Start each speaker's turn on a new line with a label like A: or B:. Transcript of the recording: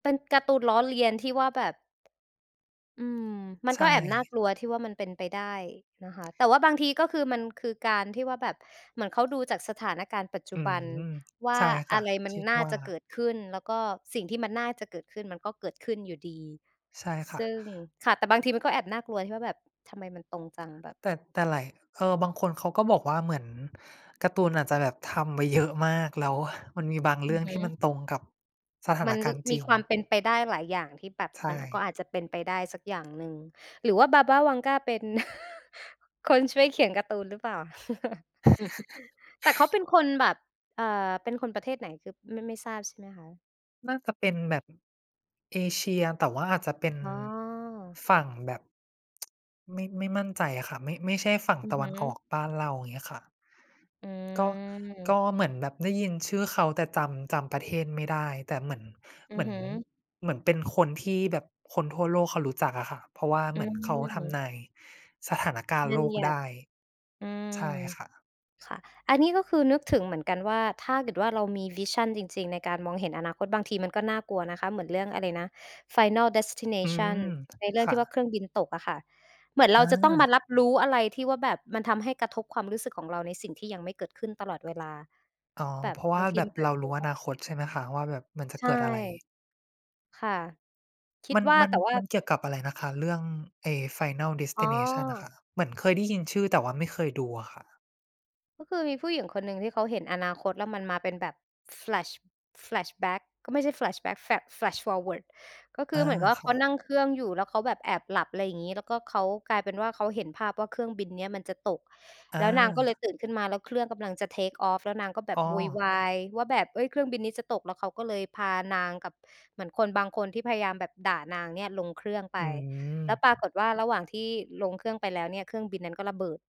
A: เป็นการ์ตูนล้อเลียนที่ว่าแบบ อืม มัน
B: ใช
A: ก็แอบน่า
B: ่
A: กลัวที่ว่ามันเป็นไปได้นะคะ แต่ว่าบางทีก็คือ มันคือการที่ว่าแบบ เหมือนเขาดูจากสถานการณ์ปัจจ
B: อ
A: ุ
B: ื
A: บ
B: ม
A: ันว่
B: ใ
A: า
B: ช่ค
A: อ
B: ่ะ
A: ะไรมั
B: ค
A: น
B: ิด
A: น่า
B: ว่า
A: จะเกิดขึ้น แล้วก็สิ่งที่มันน่าจะเกิดขึ้น มันก็เกิดขึ้นอยู่ดี
B: ใช่ค
A: ซ
B: ่
A: ึ
B: ะ
A: ่ง ค่ะ แต่บางทีมันก็แอบน่ากลัว ที่ว่าแบบ "ทำไมมันตรงจัง แบบ"
B: แต่ แต่หลาย เออ บางคนเขาก็บอกว่าเหมือนการ์ตูนอาจจะแบบทำไว้ เยอะ มาก แล้วมันมีบางเร
A: อื
B: ื่อ
A: อ
B: ง
A: ฮ
B: ท
A: ึ
B: ี่มันตรงกับสถา
A: ม
B: น
A: ัน
B: ก
A: ร
B: ารณ์จ
A: ม
B: ร
A: ี
B: ิง
A: ความเป็นไปได้หลายอย่างที่แบบ
B: ใช
A: มัน อ ก็
B: ่
A: อาจจะเป็นไปได้สักอย่างหนึ่ง หรือว่า Baba Vanga เป็น คนช่วยเขียนการ์ตูนหรือเปล่า? แต่เขาเป็นคนแบบ เอ่อ เป็นคนประเทศไหน คือไม่ ไม่ทราบใช่ไหมคะ?
B: น่าจะเป็นแบบ เอเชีย แต่ว่าอาจจะเป็น
A: อ๋อ
B: ฝั่งแบบ ไม่ ไม่มั่นใจอะค่ะ ไม่ ไม่ใช่ฝั่ง
A: อื
B: ต
A: อ
B: ะ
A: ฮ
B: วันออ
A: ึ
B: กบ้านเรา อย่างเงี้ยค่ะ
A: อื
B: ก็ ก
A: ม
B: ็เหมือนแบบได้ยินชื่อเขา แต่จำ จำประเทศไม่ได้ แต่เหมือน
A: อื
B: เหม
A: อ
B: ือ
A: ฮ
B: น
A: ึ
B: เหมือนเป็นคนที่แบบคนทั่วโลกเขารู้จักอะค่ะ เพราะว่า
A: อ
B: เห
A: ื
B: มือนเขาท
A: ม
B: ำนายสถานการณ
A: บ
B: ์โ
A: ั
B: ล
A: ญ
B: ก
A: ญ
B: ไ
A: ั
B: ด
A: ติ
B: ้
A: อื
B: ใช
A: ม
B: ่ค่ะ
A: ค่ะ อันนี้ก็คือนึกถึงเหมือนกัน ว่าถ้าเกิดว่าเรามี วิชัน จริง ๆ ในการมองเห็นอนาคต บางทีมันก็น่ากลัวนะคะ เหมือนเรื่องอะไรนะ Final
B: อื
A: Destination
B: ม
A: ในเรื่อ
B: ค
A: ง
B: ่
A: ที่ว่า
B: ะ
A: เครื่องบินตกอะค่ะ เหมือนเร
B: อ
A: าจะต้องมา
B: า
A: รับรู้อะไรที่ว่าแบบมันทำให้กระทบความรู้สึกของเราในสิ่งที่ยังไม่เกิดขึ้นตลอดเวลา
B: อ๋อ
A: แบ
B: เ
A: บ
B: พราะว
A: บ
B: ่
A: า
B: า
A: งที
B: แบ
A: ม
B: บ
A: ันก็อ
B: เ
A: า
B: ร
A: จ
B: า
A: จะเ
B: ร
A: ป
B: ู
A: ็น
B: ้
A: ข
B: อ
A: ้อ
B: นา
A: เส
B: ค
A: ี
B: ต
A: ย
B: ใช่ไหมคะว่าแบบมันจะ
A: ใช
B: เก
A: ่
B: ิดอะไร
A: ค่ะ คิ
B: ม
A: ด
B: ัน
A: ว่า
B: มัน
A: แต่ว่า
B: มันเกี่ยวกับอะไรนะคะ เรื่อง ไอ้ Final
A: อ๋อ
B: Destination อะค่ะ เหมือนเคยได้ยินชื่อ แต่ว่าไม่เคยดูอะค่ะ
A: ก็คือมีผู้หญิงคนหนึ่งที่เขาเห็นอนาคต แล้วมันมาเป็นแบบ Flash Flashback ก็ไม่ใช่ Flashback Flash Flash forward ก็ค
B: อ
A: ือ
B: า
A: เหมือนกับว่
B: ค
A: าเข
B: ่
A: า
B: ะ
A: นั่งเครื่องอยู่ แล้วเขาแบบแอบหลับ อะไรอย่างงี้ แล้วก็เขา กลายเป็นว่าเขาเห็นภาพว่าเครื่องบินเนี่ยมันจะตก
B: อ
A: แล้วนางก็เล
B: า
A: ยตื่นขึ้นมา แล้วเครื่องกำลังจะ Take off แล้วนางก็แบ
B: อ
A: บ
B: ๋
A: โวยว
B: อ
A: ายว่าแบบ เอ๊ย เครื่องบินนี้จะตก แล้วเขาก็เลยพานางกับ เหมือนคนบางคนที่พยายามแบบด่านางเนี่ยลงเครื่องไ
B: อ
A: ป
B: ืม
A: แล้วปรากฏว่าระหว่างที่ลงเครื่องไปแล้วเนี่ย เครื่องบินนั้นก็ระเบิด